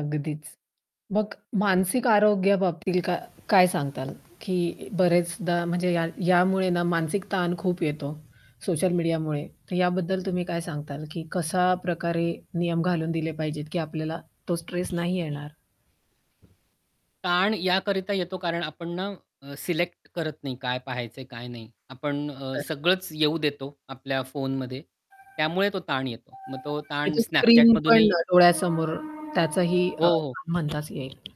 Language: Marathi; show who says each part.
Speaker 1: अगदीच. मग मानसिक आरोग्या बाबतीत का काय सांगाल की बरेचदा म्हणजे या यामुळे ना मानसिक ताण खूप येतो सोशल मीडियामुळे, तर याबद्दल तुम्ही काय सांगाल की कशा प्रकारे नियम घालून दिले पाहिजेत की आपल्याला तो स्ट्रेस नाही येणार?
Speaker 2: ताण याकरिता येतो, कारण आपण ना अ, सिलेक्ट करत नाही, काय पहायचंय काय नाही. आपण अ,
Speaker 1: बरोबर.
Speaker 2: सगळंच येऊ देतो आपल्या फोनमध्ये, त्यामुळे तो ताण येतो. मग तो
Speaker 1: आणि
Speaker 2: ताण
Speaker 1: तो
Speaker 2: Snapchat
Speaker 1: स्क्रीन पण
Speaker 2: मधूनही
Speaker 1: अ, डोळ्यासमोर त्याचही
Speaker 2: हो,
Speaker 1: अ,
Speaker 2: हो.
Speaker 1: म्हणताच येईल.